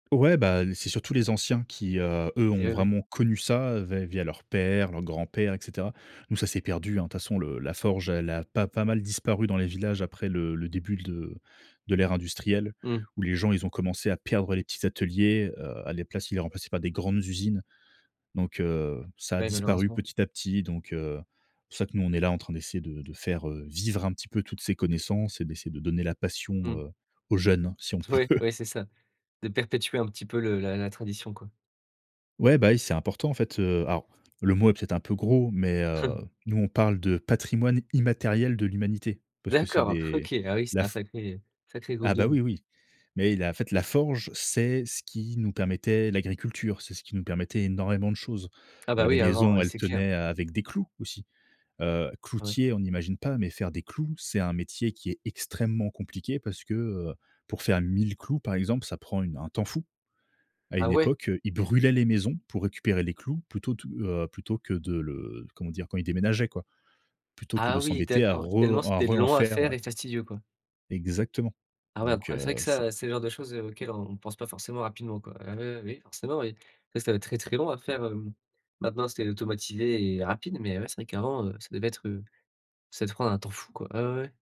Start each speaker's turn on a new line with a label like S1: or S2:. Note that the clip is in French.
S1: Ouais, bah, c'est surtout les anciens qui, heu, eux,
S2: Et
S1: ont
S2: oui.
S1: vraiment connu ça, va via leur père, leur grand-père, et cetera. Nous, ça s'est perdu hein, de toute façon le la forge, elle a pas pas mal disparu dans les villages après le le début de de l'ère industrielle,
S2: Mmh.
S1: où les gens, ils ont commencé à perdre les petits ateliers, heu, à la place, ils les remplaçaient par des grandes usines, donc heu, ça a
S2: Ouais,
S1: disparu
S2: malheureusement.
S1: petit à petit, donc heu, c'est pour ça que nous, on est là en train d'essayer de de faire, heu, vivre un petit peu toutes ces connaissances et d'essayer de donner la passion,
S2: Mmh.
S1: heu, aux jeunes, si on peut.
S2: Ouais, ouais, c'est ça. De perpétuer un petit peu le la la tradition quoi.
S1: Ouais, bah oui, c'est important en fait, heu, alors le mot est peut être un peu gros, mais heu nous on parle de patrimoine immatériel de l'humanité parce que c'est
S2: D'accord
S1: des
S2: OK. Ah oui, c'était
S1: la
S2: un
S1: f
S2: sacré sacré groupe
S1: Ah bah
S2: d'hommes.
S1: oui, oui, mais il a en fait la forge, c'est ce qui nous permettait l'agriculture. C'est ce qui nous permettait énormément de choses.
S2: Ah, bah
S1: Heu, les
S2: oui, avant
S1: maisons,
S2: ouais,
S1: elles
S2: c'est clair.
S1: tenaient, heu, avec des clous aussi. Heu,
S2: Ouais.
S1: cloutier, on n'imagine pas, mais faire des clous, c'est un métier qui est extrêmement compliqué parce que, heu, pour faire 1 000 clous par exemple, ça prend une un temps fou. À
S2: Ah
S1: une
S2: ouais?
S1: époque, ils brûlaient les maisons pour récupérer les clous plutôt tout, heu plutôt que de le comment dire? Quand ils déménageaient quoi, plutôt que de
S2: Ah oui
S1: s'embêter à
S2: d'accord, tellement
S1: re à
S2: c'était
S1: re en
S2: long à
S1: faire, heu.
S2: faire et fastidieux quoi?
S1: Exactement,
S2: Ah ouais
S1: donc
S2: incroya c'est vrai que
S1: heu,
S2: ça,
S1: c'est
S2: c'est le genre de choses, heu, auxquelles on pense pas forcément rapidement quoi. Ah oui, oui, oui, forcément oui, ça ça doit être très, très long à faire, hem. Maintenant, c'est automatisé et rapide, mais ouais, c'est vrai qu'avant, ça devait être, heu ça devait prendre un temps fou quoi. Ah ouais, ouais.